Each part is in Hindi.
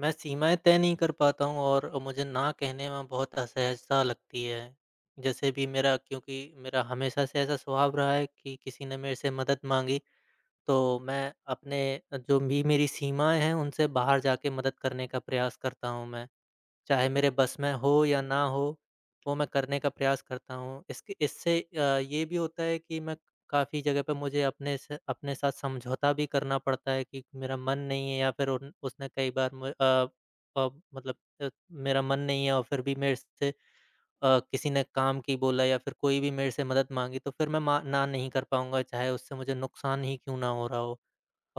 मैं सीमाएँ तय नहीं कर पाता हूँ और अ, मुझे ना कहने में बहुत असहज़ता लगती है, जैसे अभी मेरा क्योंकि मेरा हमेशा से ऐसा स्वभाव रहा है कि किसी ने मेरे से मदद माँगी, तो मैं अपने जो भी मेरी सीमाएँ हैं उनसे बाहर जाके मदद करने का प्रयास करता हूँ मैं, चाहे मेरे बस में हो या ना हो, वो मैं करने का प्रयास करता हूँ। इसक इससे अ, ये भी होता है कि मैं काफ़ी जगह पर मुझे अपने स अपने साथ समझौता भी करना पड़ता है कि मेरा मन नहीं है या फिर उन उसने कई बार म अ, प मतलब अ, मेरा मन नहीं है और फिर भी मेरे से अ, किसी ने काम की बोला या फिर कोई भी मेरे से मदद माँगी तो फ़िर मैं मा ना नहीं कर पाऊँगा चाहे उससे मुझे नुकसान ही क्यों ना हो रहा हो।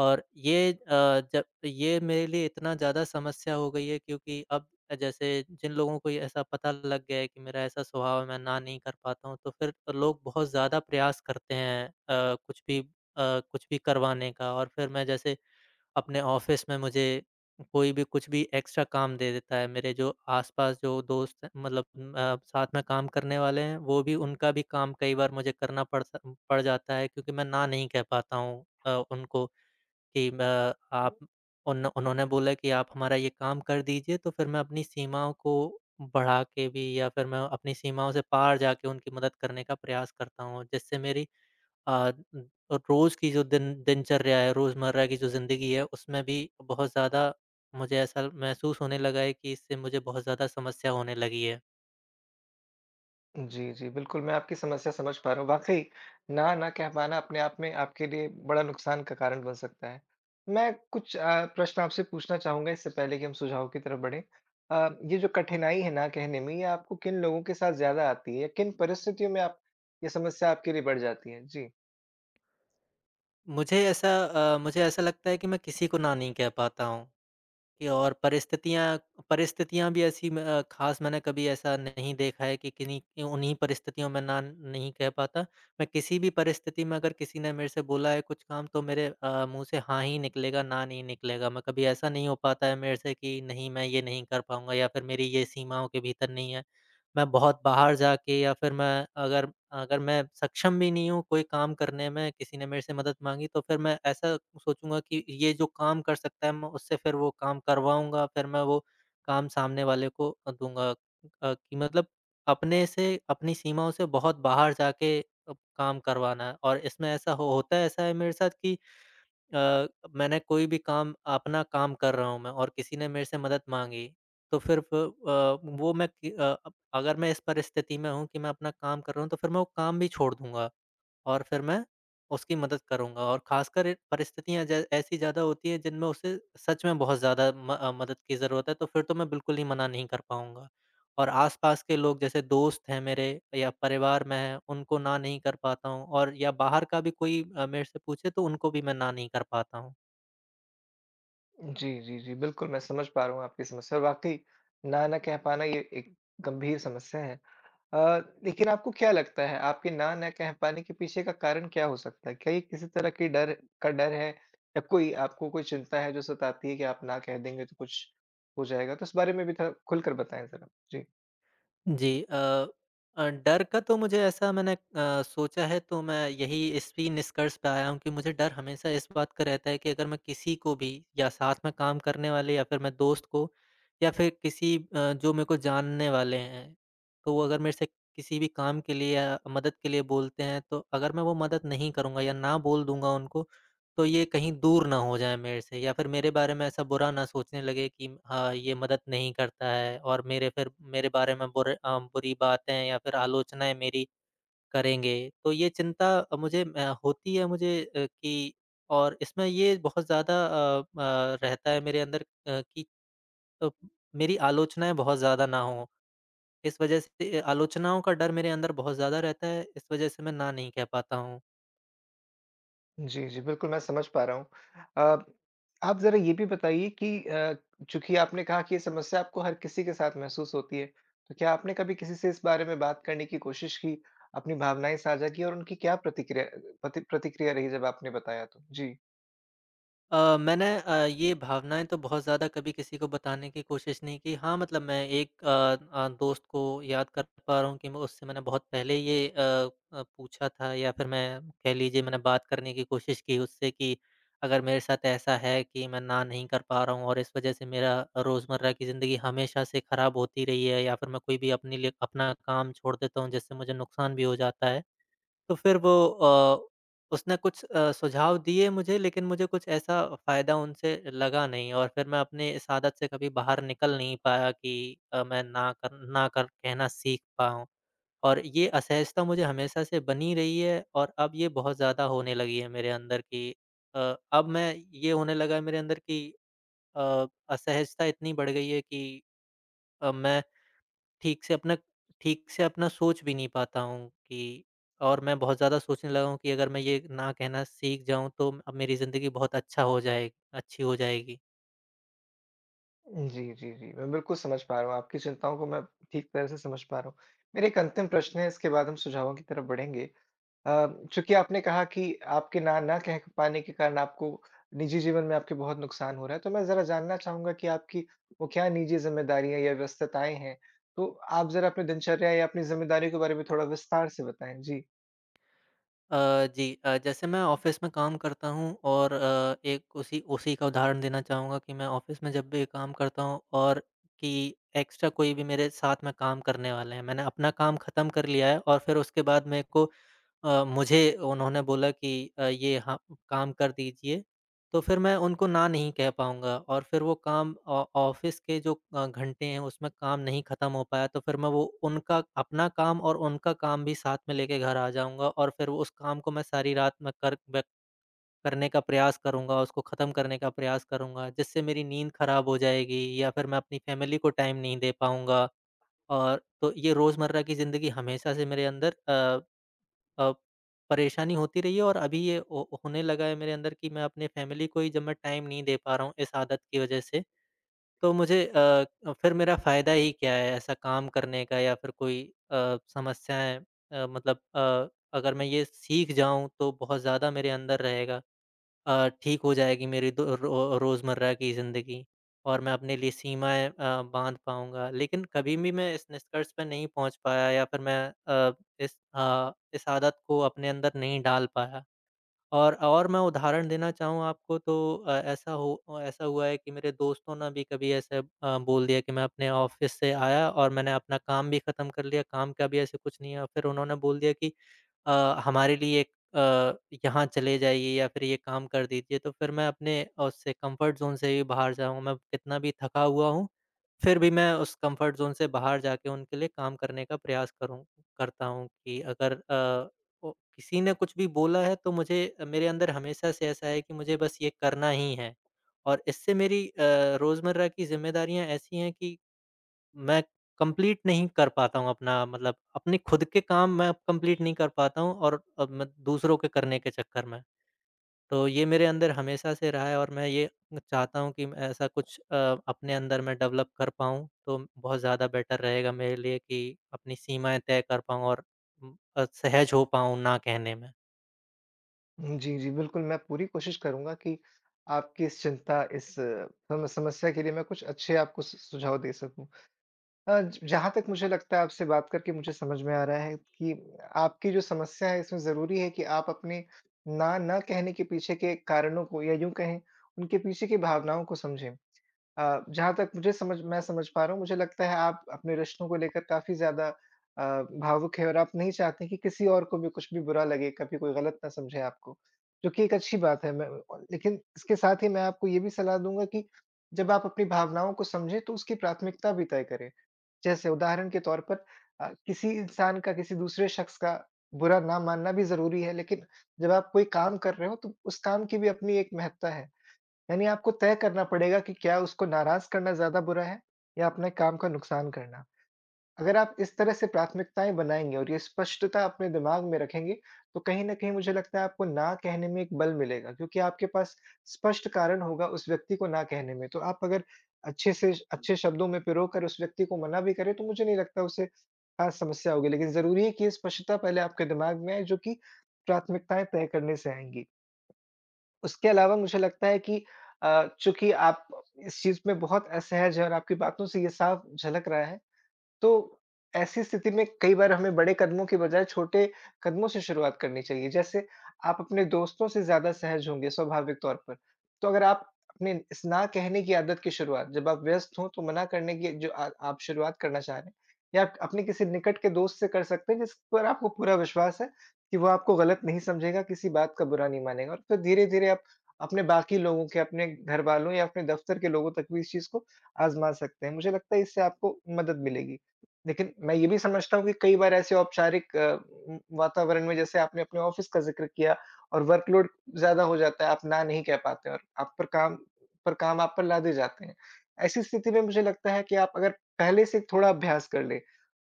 और ये अ, जब ये मेरे लिए इतना ज़्यादा समस्या हो गई है क्योंकि अब अ, जैसे जिन लोगों को ये ऐसा पता लग गया है कि मेरा ऐसा स्वभाव है मैं ना नहीं कर पाता हूँ तो फिर तो लोग बहुत ज़्यादा प्रयास करते हैं अ, कुछ भी अ, कुछ भी करवाने का और फिर मैं जैसे अपने ऑफ़िस में मुझे कोई भी कुछ भी एक्स्ट्रा काम दे देता है मेरे जो आस-पास जो दोस्त हैं मतलब अ, साथ में काम करने वाले हैं, वो भी उनका भी काम कई बार मुझे करना पड़ सा पड़ जाता है क्योंकि मैं ना नहीं कह पाता हूँ अ, उनको कि अ, आप उन उन्होंने बोला कि आप हमारा ये काम कर दीजिए, तो फिर मैं अपनी सीमाओं को बढ़ा के भी या फिर मैं अपनी सीमाओं से पार जाक़े उनकी मदद करने का प्रयास करता हूँ और जिससे मेरी अ, रोज़ की जो दिन दिनचर्या है रोज़मर्रा की जो ज़िंदगी है, उसमें भी बहुत ज़्यादा मुझे ऐसा महसूस होने लगा है कि इससे मुझे बहुत ज़्यादा समस्या होने लगी है। जी, जी, बिल्कुल मैं आपकी समस्या समझ पा रहा हूँ वाक़ई, ना न कह पाना अपने आप में आपके लिए बड़ा नुकसान का कारण बन सकता है। मैं कुछ अ, प्रश्न आपसे पूछना चाहूँगा इससे पहले कि हम सुझाव की तरफ बढ़ें। अ, ये जो कठिनाई है ना कहने में ये आपको किन लोगों के साथ ज़्यादा आती है? किन परिस्थितियों में आप ये समस्या आपके लिए बढ़ जाती है जी? मुझे ऐसा अ, मुझे ऐसा लगता है कि मैं किसी को ना नहीं कह पाता हूँ, कि और परिस्थितियाँ परिस्थितियाँ भी ऐसी म ख़ास मैंने कभी ऐसा नहीं देखा है कि किन्हीं कि उन्हीं परिस्थितियों में ना नहीं कह पाता, मैं किसी भी परिस्थिति में अगर किसी ने मेरे से बोला है कुछ काम तो मेरे अ, मुँह से हाँ ही निकलेगा ना नहीं निकलेगा। मैं कभी ऐसा नहीं हो पाता है मेरे से कि नहीं मैं ये नहीं कर पाऊँगा या फिर मेरी ये सीमाओं के भीतर नहीं है, मैं बहुत बाहर जाके या फिर मैं अगर अगर मैं सक्षम भी नहीं हूँ कोई काम करने में, किसी ने मेरे से मदद माँगी तो फिर मैं ऐसा सोचूँगा कि ये जो काम कर सकता है मैं उससे फिर वो काम करवाऊँगा, फिर मैं वो काम सामने वाले को अ, दूँगा अ, कि मतलब अपने से अपनी सीमाओं से बहुत बाहर जा के अ, काम करवाना है और इसमें ऐसा हो होता है ऐसा है मेरे साथ कि अ, मैंने कोई भी काम अपना काम कर रहा हूँ मैं और किसी ने मेरे से मदद माँगी, तो फिर फ अ, वो मैं कि अ, अगर मैं इस परिस्थिति में हूँ कि मैं अपना काम कर रहा हूँ तो फिर मैं वो काम भी छोड़ दूँगा। और फिर मैं उसकी मदद करूँगा और ख़ासकर इ परिस्थितियाँ ज ऐसी ज़्यादा होती है जिनमें उसे सच में बहुत ज़्यादा म अ, मदद की ज़रूरत है तो फिर तो मैं बिल्कुल ही मना नहीं कर पाऊँगा। और आसपास के लोग जैसे दोस्त हैं मेरे, या परिवार में हैं, उनको ना नहीं कर पाता हूँ और या बाहर का भी कोई अ, मेरे से पूछे तो उनको भी मैं ना नहीं कर पाता हूँ। जी, जी, जी, बिल्कुल, मैं समझ पा रहा हूँ आपकी समस्या और वाक़ई, ना न कह पाना ये एक गंभीर समस्या है। अ, लेकिन आपको क्या लगता है आपके ना न कह पाने के पीछे का कारण क्या हो सकता है? क्या ये किसी तरह की डर का डर है? या कोई आपको कोई चिंता है? जो सताती है कि आप ना कह देंगे तो कुछ हो जाएगा तो इस बारे में भी थोड़ा, खुलकर बताएँ ज़रा। जी। जी, अ अ, डर का तो मुझे ऐसा मैंने अ, सोचा है तो मैं यही इसी निष्कर्ष पर आया हूँ कि मुझे डर हमेशा इस बात का रहता है कि अगर मैं किसी को भी या साथ में काम करने वाले या फिर मैं दोस्त को, या फिर किसी अ, जो मेरे को जानने वाले हैं, तो वो अगर मेरे से किसी भी काम के लिए या मदद के लिए बोलते हैं तो अगर मैं वो मदद नहीं करूँगा या ना बोल दूँगा उनको, तो ये कहीं दूर न हो जाए मेरे से या फिर मेरे बारे में ऐसा बुरा न सोचने लगे कि हाँ, ये मदद नहीं करता है। और मेरे फिर मेरे बारे में बुरे अ, बुरी बातें या फिर आलोचनाएँ मेरी करेंगे तो ये चिंता अ, मुझे अ, होती है मुझे अ, की और इसमें ये बहुत ज़्यादा अ अ, रहता है मेरे अंदर अ, कि तो मेरी आलोचनाएँ बहुत ज़्यादा न हो, इस वजह से आलोचनाओं का डर मेरे अंदर बहुत ज़्यादा रहता है। इस वजह से मैं ना नहीं कह पाता हूँ। जी, जी, बिल्कुल मैं समझ पा रहा हूँ। अब आप ज़रा ये भी बताइए कि अ, चूंकि आपने कहा कि ये समस्या आपको हर किसी के साथ महसूस होती है, तो क्या आपने कभी किसी से इस बारे में बात करने की कोशिश की? अपनी भावनाएँ साझा की और उनकी क्या प्रतिक्रिया अ, प्रति प्रतिक्रिया रही जब आपने बताया तो? जी। अ, मैंने अ, ये भावनाएँ तो बहुत ज़्यादा कभी किसी को बताने की कोशिश नहीं की हाँ, मतलब मैं एक अ अ, दोस्त को याद कर पा रहा हूँ कि मैं उससे मैंने बहुत पहले ये अ अ, पूछा था या फिर मैं कह लीजिए मैंने बात करने की कोशिश की उससे कि, अगर मेरे साथ ऐसा है कि मैं ना नहीं कर पा रहा हूँ और इस वज़ह से मेरा रोज़मर्रा की ज़िंदगी हमेशा से ख़राब होती रही है या फिर मैं कोई भी अपने लिए अपना काम छोड़ देता हूँ जिससे मुझे नुकसान भी हो जाता है। तो फिर वो अ, उसने कुछ अ, सुझाव दिए मुझे लेकिन मुझे कुछ ऐसा फ़ायदा उनसे लगा नहीं और फिर मैं अपने इस आदत से कभी बाहर निकल नहीं पाया कि अ, मैं ना कर ना कर कहना सीख पाऊँ। और ये असहजता मुझे हमेशा से बनी रही है और अब ये बहुत ज़्यादा होने लगी है मेरे अंदर की अ, अब मैं ये होने लगा है मेरे अंदर की अ, असहजता इतनी बढ़ गई है कि अब मैं ठीक से अपना ठीक से अपना सोच भी नहीं पाता हूँ कि और मैं बहुत ज़्यादा सोचने लगा हूँ कि अगर मैं ये ना कहना सीख जाऊँ तो अ, मेरी ज़िंदगी बहुत अच्छा हो जाए अच्छी हो जाएगी। जी, जी, जी, मैं बिल्कुल समझ पा रहा हूँ आपकी चिंताओं को मैं ठीक तरह से समझ पा रहा हूँ। मेरा 1 अंतिम प्रश्न है इसके बाद हम सुझावों की तरफ बढ़ेंगे। अ, चूँकि आपने कहा कि आपके ना न कह क पाने के कारण आपको, निजी जीवन में आपके बहुत नुकसान हो रहा है तो मैं ज़रा जानना चाहूँगा कि आपकी वो क्या निजी जिम्मेदारियाँ या व्यस्तताएँ हैं? तो आप ज़रा अपनी दिनचर्या या अपनी ज़िम्मेदारियों के बारे में थोड़ा विस्तार से बताएँ। जी। अ, जी, अ, जैसे मैं ऑफिस में काम करता हूँ और अ, एक उसी उसी का उदाहरण देना चाहूँगा कि मैं ऑफिस में जब भी काम करता हूँ और कि एक्स्ट्रा कोई भी मेरे साथ में काम करने वाले हैं मैंने अपना काम ख़त्म कर लिया है और फिर उसके बाद मेरे को अ, मुझे उन्होंने बोला कि अ, ये ह काम कर दीजिए, तो फिर मैं उनको ना नहीं कह पाऊँगा और फिर वो काम ऑ ऑफिस के जो अ, घंटे हैं उसमें काम नहीं ख़त्म हो पाया तो फिर मैं वो उनका अपना काम और उनका काम भी साथ में लेके घर आ जाऊँगा और फिर वो उस काम को मैं सारी रात में कर मे करने का प्रयास करूँगा उसको ख़त्म करने का प्रयास करूँगा जिससे मेरी नींद खराब हो जाएगी या फिर मैं अपनी फैमिली को टाइम नहीं दे पाऊँगा। और तो ये रोज़मर्रा की ज़िंदगी हमेशा से मेरे अंदर अ अ, परेशानी होती रही है और अभी ये हो होने लगा है मेरे अंदर कि मैं अपनी फैमिली को ही जब मैं टाइम नहीं दे पा रहा हूँ इस आदत की वजह से, तो मुझे अ, फिर मेरा फ़ायदा ही क्या है ऐसा काम करने का या फिर कोई अ, समस्याएँ अ, मतलब अ, अगर मैं ये सीख जाऊँ, तो बहुत ज़्यादा मेरे अंदर रहेगा। अ, ठीक हो जाएगी मेरी तो अ, रो रोज़मर्रा की ज़िंदगी और मैं अपने लिए सीमाएँ अ, बाँध पाऊँगा, लेकिन कभी भी मैं इस निष्कर्ष पे नहीं पहुँच पाया या फिर मैं अ, इस अ, इस आदत को अपने अंदर नहीं डाल पाया। और और मैं उदाहरण देना चाहूँ आपको तो अ, ऐसा हो ऐसा हुआ है कि मेरे दोस्तों ने भी कभी ऐसे अ, बोल दिया कि मैं अपने ऑफिस से आया और मैंने अपना काम भी ख़त्म कर लिया काम का भी ऐसा कुछ नहीं है और फिर उन्होंने बोल दिया कि अ, हमारे लिए एक अ, यहाँ चले जाइए या फिर ये काम कर दीजिए तो फिर मैं अपने उससे कम्फर्ट ज़ोन से ही बाहर जाऊँगा मैं कितना भी थका हुआ हूँ, फिर भी मैं उस कम्फर्ट ज़ोन से बाहर जाके उनके लिए काम करने का प्रयास करूँ करता हूँ कि अगर अ, ओ किसी ने कुछ भी बोला है तो मुझे मेरे अंदर हमेशा से ऐसा है कि मुझे बस ये करना ही है। और इससे मेरी अ, रोज़मर्रा की ज़िम्मेदारियाँ ऐसी हैं कि मैं कंप्लीट नहीं कर पाता हूँ अपना मतलब अपने खुद के काम मैं अब कंप्लीट नहीं कर पाता हूँ और और मैं दूसरों के करने के चक्कर में। तो ये मेरे अंदर हमेशा से रहा है और मैं ये अ, चाहता हूँ कि मैं ऐसा कुछ अ, अपने अंदर मैं डेवलप कर पाऊँ, तो बहुत ज़्यादा बेटर रहेगा मेरे लिए कि अपनी सीमाएँ तय कर पाऊँ और उ अ, सहज हो पाऊँ ना कहने में। हुँ, जी, जी, बिल्कुल, मैं पूरी कोशिश करूँगा कि, आपकी इस चिंता इस सम समस्या के लिए मैं कुछ अच्छे आपको स सुझाव दे सकूँ। अ, ज जहाँ तक मुझे लगता है आपसे बात करके मुझे समझ में आ रहा है कि आपकी जो समस्या है इसमें ज़रूरी है कि आप अपने ना न कहने के पीछे के कारणों को या यूँ कहें उनके पीछे की भावनाओं को समझें। अ, जहाँ तक मुझे समझ मैं समझ पा रहा हूँ, मुझे लगता है आप अपने रिश्तों को लेकर काफ़ी ज़्यादा अ, भावुक हैं और आप नहीं चाहते कि किसी और को भी कुछ भी बुरा लगे, कभी कोई गलत ना समझे आपको। जो कि एक अच्छी बात है मैं म लेकिन इसके साथ ही मैं आपको ये भी सलाह दूँगा कि जब आप अपनी भावनाओं को समझें तो उसकी प्राथमिकता भी तय करें, जैसे उदाहरण के तौर पर अ, किसी इंसान का किसी दूसरे शख़्स का बुरा ना मानना भी ज़रूरी है लेकिन जब आप कोई काम कर रहे हो तो उस काम की भी अपनी एक महत्ता है, यानी आपको तय करना पड़ेगा कि क्या उसको नाराज़ करना ज़्यादा बुरा है? या अपने काम का नुकसान करना? अगर आप इस तरह से प्राथमिकताएँ बनाएँगे और ये स्पष्टता अपने दिमाग में रखेंगे, तो कहीं न कहीं मुझे लगता है आपको ना कहने में एक बल मिलेगा, क्योंकि आपके पास स्पष्ट कारण होगा उस व्यक्ति को ना कहने में, तो आप अगर अच्छे से श अच्छे शब्दों में पिरो कर उस व्यक्ति को मना भी करें तो मुझे नहीं लगता उसे ख़ास समस्या होगी, लेकिन ज़रूरी है कि ये स्पष्टता पहले आपके दिमाग में आए जो कि प्राथमिकताएँ तय करने से आएँगी। उसके अलावा मुझे लगता है कि अ, चूँकि आप इस चीज़ में बहुत असहज हैं और आपकी बातों से ये साफ झलक रहा है, तो ऐसी स्थिति में कई बार हमें बड़े कदमों की बजाय छोटे कदमों से शुरुआत करनी चाहिए जैसे आप अपने दोस्तों से ज़्यादा सहज होंगे स्वाभाविक तौर पर। तो अगर आप अपने इस ना कहने की आदत की शुरुआत जब आप व्यस्त हो तो मना करने की जो आ आप शुरुआत करना चाह रहे हैं, या क अपने किसी निकट के दोस्त से कर सकते हैं जिस पर आपको पूरा विश्वास है, कि वो आपको गलत नहीं समझेगा किसी बात का बुरा नहीं मानेगा और फिर धीरे-धीरे आप अपने बाकी लोगों के, अपने घरवालों या अपने दफ़्तर के लोगों तक भी इस चीज़ को आज़मा सकते हैं, मुझे लगता है इससे आपको मदद मिलेगी। लेकिन मैं ये भी समझता हूँ कि कई बार ऐसे औपचारिक म वातावरण में जैसे आपने अपने ऑफिस का ज़िक्र किया और वर्कलोड ज़्यादा हो जाता है आप ना नहीं कह पाते और आप पर काम पर काम आप पर लादे जाते हैं। ऐसी स्थिति में मुझे लगता है कि आप अगर पहले से थोड़ा अभ्यास कर लें,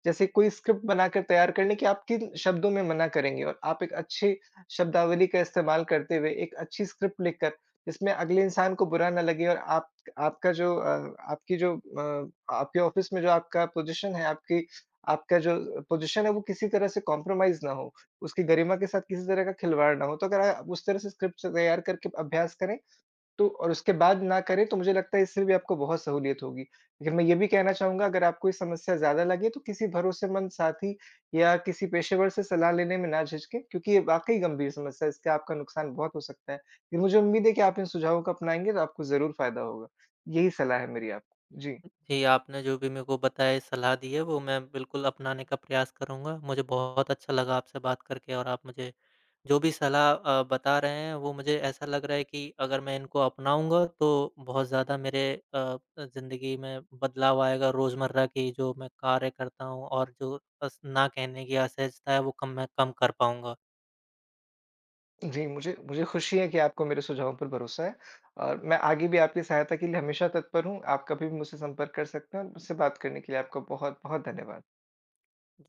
जैसे कोई स्क्रिप्ट बनाकर तैयार कर लें कि आप किन शब्दों में मना करेंगे और आप एक अच्छी शब्दावली का इस्तेमाल करते हुए एक अच्छी स्क्रिप्ट लिखकर, जिसमें अगले इंसान को बुरा ना लगे और आप आपका जो अ, आपकी जो अ, आपके ऑफिस में जो आपका पोज़ीशन है आपकी आपका जो पोज़ीशन है वो किसी तरह से कॉम्प्रोमाइज़ ना हो। उसकी गरिमा के साथ किसी तरह का खिलवाड़ ना हो, तो अगर आप उस तरह से स्क्रिप्ट तैयार करके अभ्यास करें, तो और उसके बाद ना करें तो मुझे लगता है इससे भी आपको बहुत सहूलियत होगी। लेकिन मैं ये भी कहना चाहूँगा अगर आपको ये समस्या ज़्यादा लगे तो किसी भरोसेमंद साथी या किसी पेशेवर से सलाह लेने में ना झिझकें, क्योंकि ये वाक़ई गंभीर समस्या है इसका आपका नुकसान बहुत हो सकता है। ये मुझे उम्मीद है कि आप इन सुझावों को अपनाएँगे तो आपको ज़रूर फ़ायदा होगा, यही सलाह है मेरी आपको। जी। जी, आपने जो भी मेरे को बताया सलाह दी है वो मैं बिल्कुल अपनाने का प्रयास करूँगा, मुझे बहुत अच्छा लगा आपसे बात करके और आप मुझे जो भी सलाह अ, बता रहे हैं वो मुझे ऐसा लग रहा है कि, अगर मैं इनको अपनाऊँगा, तो बहुत ज़्यादा मेरे अ अ, ज़िंदगी में बदलाव आएगा रोज़मर्रा की जो मैं कार्य करता हूँ और जो अस ना कहने की असहजता है वो कम मैं कम कर पाऊँगा। जी, मुझे मुझे खुशी है की आपको मेरे सुझावों पर भरोसा है और मैं आगे भी आपकी सहायता के लिए हमेशा तत्पर हूँ। आप कभी भी मुझसे संपर्क कर सकते हैं और मुझसे बात करने के लिए आपका बहुत-बहुत धन्यवाद।